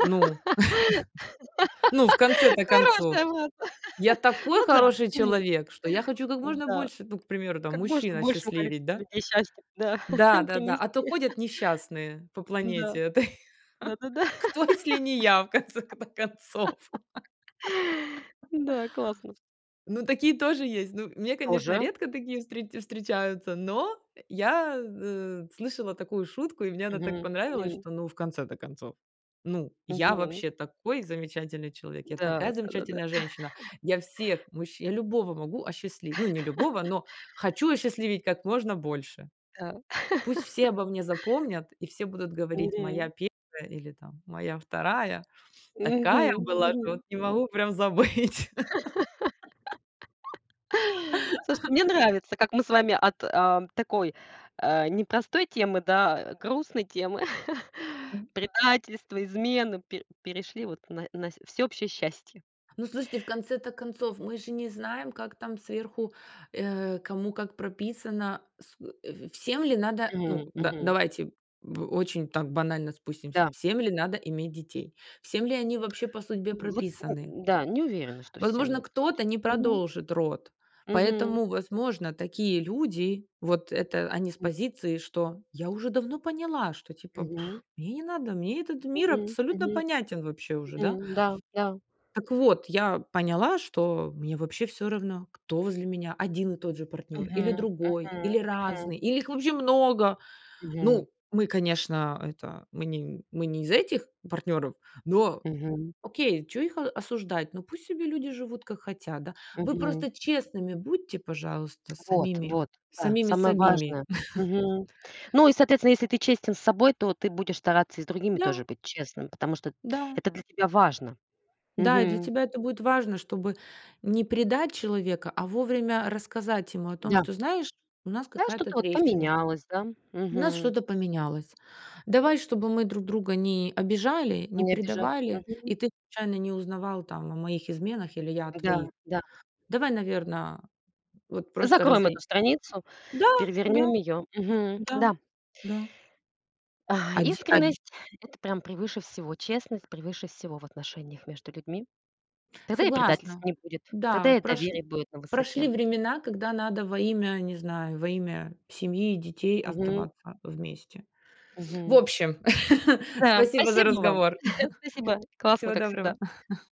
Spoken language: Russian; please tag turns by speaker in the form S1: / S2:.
S1: Ну, ну, в конце-то концов,
S2: Хорошая была, да.
S1: я такой
S2: Ну да,
S1: хороший
S2: почему нет?
S1: человек, что я хочу как можно
S2: Да.
S1: больше, ну, к примеру, там,
S2: Как
S1: мужчин
S2: можно большему
S1: осчастливеть,
S2: количеству
S1: да?
S2: людей счастья, да,
S1: Да-да-да, а то
S2: принести.
S1: ходят несчастные по
S2: М-да,
S1: планете этой.
S2: да-да-да.
S1: Кто, если не я, в конце-то концов?
S2: М-да, классно.
S1: Ну, такие тоже есть. Ну, мне, конечно,
S2: Тоже.
S1: редко такие встре встречаются, но, э, я, э, слышала такую шутку, и мне она так
S2: Мгм,
S1: понравилась,
S2: мгм.
S1: что, ну, в конце-то концов, ну, я
S2: Мгм.
S1: вообще такой замечательный человек, я
S2: Да,
S1: такая
S2: да-да-да.
S1: замечательная женщина, я всех мужчин я любого могу осчастливить, ну, не любого, но хочу осчастливить как можно больше.
S2: Да.
S1: Пусть все обо мне запомнят, и все будут говорить:
S2: Мгм.
S1: "Моя первая или там моя вторая, такая
S2: Мгм,
S1: была, что вот
S2: мгм.
S1: не могу прям забыть."
S2: Слушайте, мне нравится, как мы с вами от, э, такой, э, непростой темы, да, грустной темы,
S1: М.
S2: предательства, измены, пе перешли вот на на всеобщее счастье.
S1: Ну, слушайте, в конце-то концов, мы же не знаем, как там сверху, э, кому как прописано, с э, э, всем ли надо? Ну
S2: Мгм,
S1: да,
S2: мгм.
S1: давайте, м, очень там банально спустимся.
S2: Да.
S1: Всем ли надо иметь детей, всем ли они вообще по судьбе
S2: Вот,
S1: прописаны?
S2: м-да, не уверена, что всем
S1: Возможно,
S2: это вот
S1: кто-то не
S2: мгм.
S1: продолжит род,
S2: Мгм.
S1: поэтому, возможно, такие люди, вот это они с
S2: М.
S1: позиции, что я уже давно поняла, что, типа,
S2: Мгм.
S1: мне не надо, мне этот мир
S2: Мгм,
S1: абсолютно
S2: мгм.
S1: понятен вообще уже,
S2: Мгм,
S1: да.
S2: да-да.
S1: Так вот, я поняла, что мне вообще всё равно, кто возле меня 1 и тот же партнёр, или
S2: Мгм,
S1: другой,
S2: мгм,
S1: или
S2: мгм.
S1: разные, или их вообще много.
S2: Мгм.
S1: Ну, мы, конечно, это мы не мы не из этих партнёров, но,
S2: Мгм.
S1: окей, чё их о осуждать, ну, пусть себе люди живут, как хотят, да. Вы
S2: Мгм.
S1: просто честными будьте, пожалуйста, с
S2: Вот
S1: самими
S2: вот, да,
S1: самими с
S2: самое
S1: сабими.
S2: важное. Мгм. Ну, и, соответственно, если ты честен с собой, то ты будешь стараться и с другими
S1: Да.
S2: тоже быть честным, потому что
S1: Да.
S2: это для тебя важно.
S1: Да, и для
S2: Мгм.
S1: тебя это будет важно, чтобы не предать человека, а вовремя рассказать ему о том,
S2: Да.
S1: что: "Знаешь, у нас
S2: Знаешь,
S1: какая-то
S2: что-то вот
S1: трещина,
S2: поменялось, да,
S1: у нас
S2: мгм.
S1: что-то поменялось. Давай, чтобы мы друг друга не обижали, не
S2: Не обижали,
S1: предавали,
S2: мгм.
S1: и ты случайно не узнавал там о моих изменах, или я о твоих.
S2: Да-да.
S1: Давай, наверно, вот просто
S2: Закроем
S1: разой".
S2: эту страницу.
S1: Да, да,
S2: Перевернём её. Мгм,
S1: да,
S2: да.
S1: да.
S2: А,
S1: Оди од
S2: искренность- это прям превыше всего, честность- превыше всего в отношениях между людьми. Тогда и предательств
S1: Согласна,
S2: не будет,
S1: да,
S2: тогда и
S1: прош
S2: доверие будет на
S1: прошли
S2: высоте.
S1: времена, когда надо во имя, не знаю, во имя семьи и детей
S2: Мгм.
S1: оставаться вместе. В
S2: Мгм.
S1: общем,
S2: Да,
S1: спасибо за
S2: спасибо вам.
S1: разговор.
S2: Спасибо. Классно,
S1: Всего
S2: как всегда.
S1: доброго.